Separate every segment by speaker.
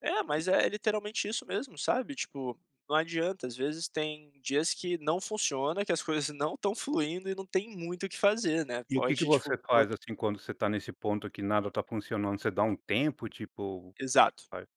Speaker 1: É, mas é literalmente isso mesmo, sabe, tipo, não adianta às vezes tem dias que não funciona, que as coisas não estão fluindo e não tem muito o que fazer, né,
Speaker 2: E o que que
Speaker 1: pode
Speaker 2: você
Speaker 1: tipo, bo
Speaker 2: faz, assim, quando você tá nesse ponto que nada tá funcionando, você dá um tempo, tipo, o que que
Speaker 1: Exato,
Speaker 2: faz?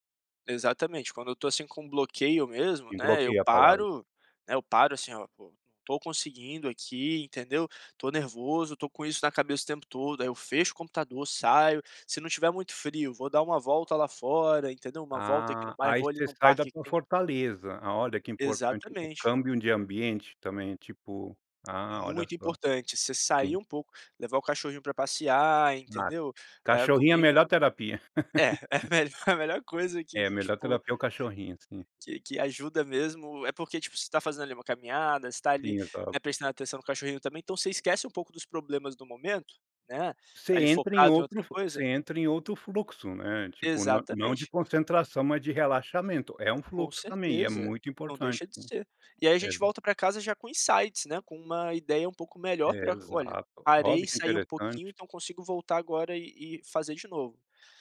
Speaker 1: exatamente quando eu tô assim com bloqueio mesmo,
Speaker 2: E
Speaker 1: né, eu
Speaker 2: bloqueia a palavra?
Speaker 1: paro, né, eu paro, assim, ó po não tô conseguindo aqui entendeu, tô nervoso, tô com isso na cabeça o tempo todo, aí eu fecho o computador, saio, se não tiver muito frio vou dar uma volta lá fora entendeu, uma volta aqui no
Speaker 2: Ah,
Speaker 1: bairro,
Speaker 2: ai
Speaker 1: vou ali
Speaker 2: você
Speaker 1: num
Speaker 2: sai da
Speaker 1: parque que
Speaker 2: sua
Speaker 1: tem
Speaker 2: fortaleza, a olha que importante o
Speaker 1: Exatamente.
Speaker 2: câmbio de ambiente também, tipo ah olha
Speaker 1: Muito
Speaker 2: só.
Speaker 1: importante, você sair
Speaker 2: Sim.
Speaker 1: um pouco, levar o cachorrinho pra passear
Speaker 2: Ah,
Speaker 1: entendeu, eh,
Speaker 2: cachorrinho é a melhor
Speaker 1: comigo
Speaker 2: terapia.
Speaker 1: é é melhor é a melhor coisa
Speaker 2: É, a
Speaker 1: que,
Speaker 2: melhor
Speaker 1: tipo
Speaker 2: terapia é o cachorrinho, sim.
Speaker 1: que que ajuda mesmo. É porque, tipo, você tá fazendo ali uma caminhada, você tá ali,
Speaker 2: Sim,
Speaker 1: né,
Speaker 2: exato.
Speaker 1: prestando atenção no cachorrinho também, então você esquece um pouco dos problemas do momento, né,
Speaker 2: Você
Speaker 1: ali
Speaker 2: entra em
Speaker 1: focado em outra
Speaker 2: outro fu
Speaker 1: coisa
Speaker 2: você entra em outro fluxo, né, tipo não não de
Speaker 1: Exatamente.
Speaker 2: concentração, mas de relaxamento, é um
Speaker 1: Com
Speaker 2: fluxo também e é
Speaker 1: certeza,
Speaker 2: muito
Speaker 1: não
Speaker 2: importante
Speaker 1: deixa de
Speaker 2: sim,
Speaker 1: ser. E aí a
Speaker 2: é.
Speaker 1: gente volta pra casa já com insights, né, com uma ideia um pouco
Speaker 2: É,
Speaker 1: melhor pra olha,
Speaker 2: exato,
Speaker 1: parei
Speaker 2: olha que
Speaker 1: ,sai um pouquinho,
Speaker 2: interessante.
Speaker 1: então consigo voltar agora e e fazer de novo,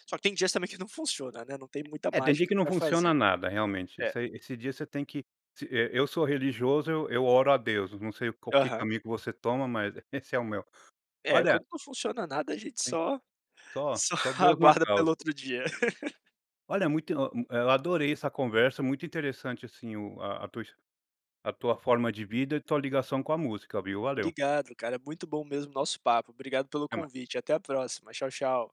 Speaker 1: só que tem dias também que não funciona né, não tem muita
Speaker 2: É, tem dia
Speaker 1: mágica
Speaker 2: que não
Speaker 1: pra
Speaker 2: funciona
Speaker 1: fazer.
Speaker 2: nada realmente,
Speaker 1: É.
Speaker 2: esse ai esse dia você tem que se eh eu sou religioso, eu oro a Deus, não sei qual que
Speaker 1: Aham.
Speaker 2: caminho que você toma, mas esse é o meu.
Speaker 1: É,
Speaker 2: Olha
Speaker 1: quando não funciona nada a gente
Speaker 2: Sim,
Speaker 1: só
Speaker 2: só
Speaker 1: só
Speaker 2: só Deus na
Speaker 1: aguarda pelo
Speaker 2: causa.
Speaker 1: outro dia.
Speaker 2: Olha, muito o um eh, eu adorei essa conversa, muito interessante, assim, o a tua his a tua forma de vida e tua ligação com a música, viu, valeu.
Speaker 1: Obrigado cara, muito bom mesmo o nosso papo, obrigado pelo
Speaker 2: Até mais.
Speaker 1: convite, até a próxima, tchau tchau.